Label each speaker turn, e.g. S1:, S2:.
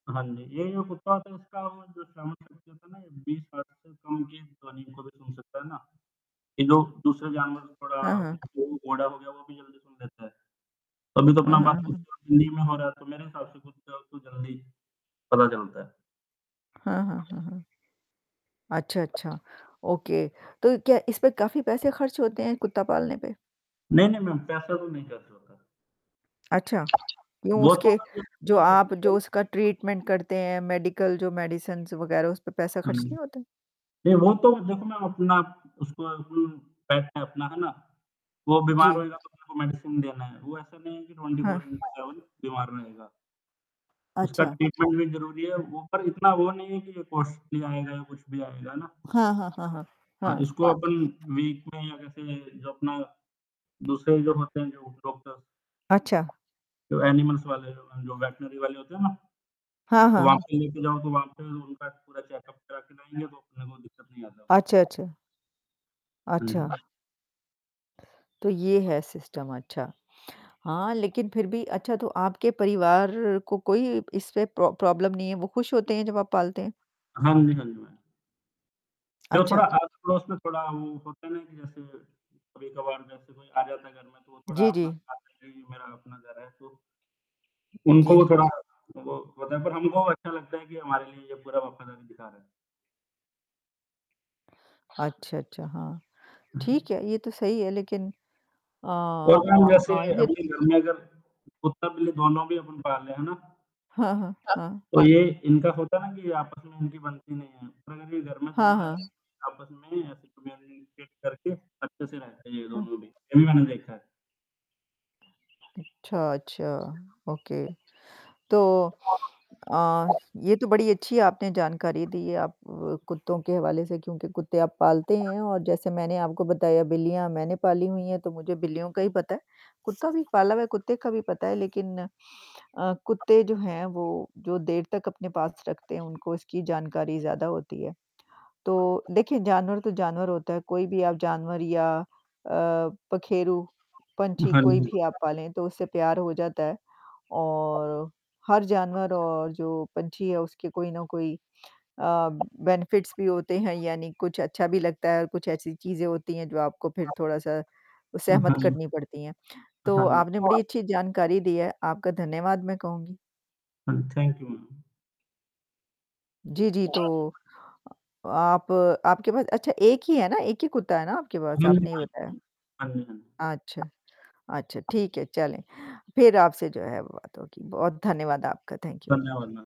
S1: हाँ जी। ये जो कुत्ता होतो है इसका वो जो श्रवण शक्ति 20 हर्ट्ज से कम की ध्वनी को भी सुन सकता है ना, ये जो दूसरे जानवर
S2: हाँ,
S1: थोड़ा
S2: हाँ।
S1: जो घोड़ा हो गया वो भी जल्दी सुन लेता है। अभी तो अपना
S2: हाँ, हाँ,
S1: बात तो
S2: हाँ।
S1: खुद हिन्दी में हो रहा है मेरे हिसाब से तो कुत्ता को जल्दी पता चलता है।
S2: हाँ, हाँ, हाँ, हाँ। अच्छा, अच्छा, ओके तो क्या इसमें काफ़ी पैसे खर्च होते हैं, कुत्ता पालने पे?
S1: नहीं, नहीं, मैम पैसा तो कुछ नहीं खर्च होता।
S2: अच्छा, क्यों
S1: वो तो
S2: उसके
S1: खुद
S2: जो
S1: के
S2: आप जो उसका
S1: [unintelligible]
S2: ट्रीटमेंट करते हैं, मेडिकल जो मेडिसिन्स वगैरह उस पे पैसा
S1: हाँ
S2: खर्च
S1: जी।
S2: नहीं होता है?
S1: नहीं वो तो देखो मैं अपना उसको उम, बैठता है अपना है ना? वो बीमार
S2: जी।
S1: होएगा तो उसको मेडिसिन देना है, वो ऐसा नहीं है कि ट्वेंटी फोर
S2: हाँ।
S1: इन टू सेवेन वो बीमार में होएगा। उसका
S2: अच्छा।
S1: ट्रीटमेंट भी ज़रूरी है, वो पर इतना वो नहीं है कि ये कॉस्टली आएगा या कुछ भी आएगा ना
S2: हाँ, हाँ, हाँ, हाँ।
S1: हाँ,
S2: हाँ।
S1: इसको अपन वीक में या कैसे जो अपना दूसरे जो होते हैं जो डॉक्टर,
S2: अच्छा।
S1: जो एनिमल्स वाले जो, जो वेटरनरी वाले होते हैं ना,
S2: हाँ,
S1: तो
S2: हाँ,
S1: वहाँ
S2: हाँ।
S1: पे लेके जाओ तो वहाँ पे उनका पूरा चेकअप करा के लाएँगे तो अपने को दिक्कत नहीं आता।
S2: अच्छा, अच्छा।
S1: हाँ
S2: अच्छा।
S1: जी।
S2: तो ये है सिस्टम अच्छा। हाँ, लेकिन फिर भी अच्छा तो आपके परिवार को कोई इसपे प्रो प्रॉब्लम नहीं है, वो खुश होते हैं जब आप पालते हैं?
S1: हाँ जी, हाँ जी, मैम। जो
S2: अच्छा।
S1: थोड़ा आस-पड़ोस में थोड़ा वो होता है ना कि जैसे, कभी-कभार जैसे कोई आ जाता है घर में तो वो थोड़ा
S2: जी, जी।
S1: अपना साथ ले लिया, ये मेरा अपना घर है तो। उनको
S2: जी।
S1: वो थोड़ा, वो पता है पर हमको अच्छा लगता है कि हमारे लिए ये पूरा वफ़ादारी दिखा रहा है।
S2: अच्छा, अच्छा। हाँ। ठीक है, ये तो सही है लेकिन अ
S1: और ना अब हम जैसे
S2: अ, ये
S1: अपने घर में अगर कुत्ता-बिल्ली दोनों भी अपन बाहर ले जाए ना? अ,
S2: हाँ, हाँ, हाँ।
S1: तो ये इनका होता है ना कि आपस में उनकी बनती नहीं है, पर अगर ये घर में
S2: हाँ,
S1: दोनों रहते
S2: हाँ।
S1: है आप में ऐसे [unintelligible] करके अच्छे से रहते है ये दोनों भी। ये भी मैंने देखा है।
S2: अच्छा, अच्छा, ओके तो अ, ये तो बड़ी अच्छी आपने जानकारी दी आप अ, कुत्तों के हवाले से क्योंकि कुत्ते आप पालते हैं और जैसे मैंने आपको बताया बिल्लियाँ मैंने पाली हुई है तो मुझे बिल्लियों का ही पता है। कुत्ता भी पाला हुआ है, कुत्ते का भी पता है लेकिन अ, कुत्ते जो हैं वो जो देर तक अपने पास रखते हैं उनको उसकी जानकारी ज़्यादा होती है। तो देखिए जानवर तो जानवर होता है कोई भी आप जानवर या अ, पखेरू, पंछी
S1: हाँ
S2: कोई
S1: जी
S2: भी आप पालें तो उससे प्यार हो जाता है। और हर जानवर और जो पंछी है, उसके कोई न कोई अ, बेनिफिट्स भी होते, हैं यानी कुछ अच्छा भी लगता है और कुछ ऐसी चीज़ें होती हैं जो आपको फिर थोड़ा-सा सहमत
S1: हाँ।
S2: करनी पड़ती है। तो
S1: हाँ।
S2: आपने बड़ी अच्छी जानकारी दी है, आपका धन्यवाद मैं कहूँगी।
S1: हाँ, थैंक यू मैम।
S2: जी, जी, तो अ, आप आपके पास अच्छा एक ही, है ना? एक ही कुत्ता है ना आपके पास
S1: हाँ जी,
S2: आपने बताया?
S1: मैम। हाँ जी, हाँ।
S2: अच्छा। अच्छा ठीक है चलें, फिर आपसे जो है बात होगी, बहुत धन्यवाद आपका थैंक यू।
S1: धन्यवाद मैम।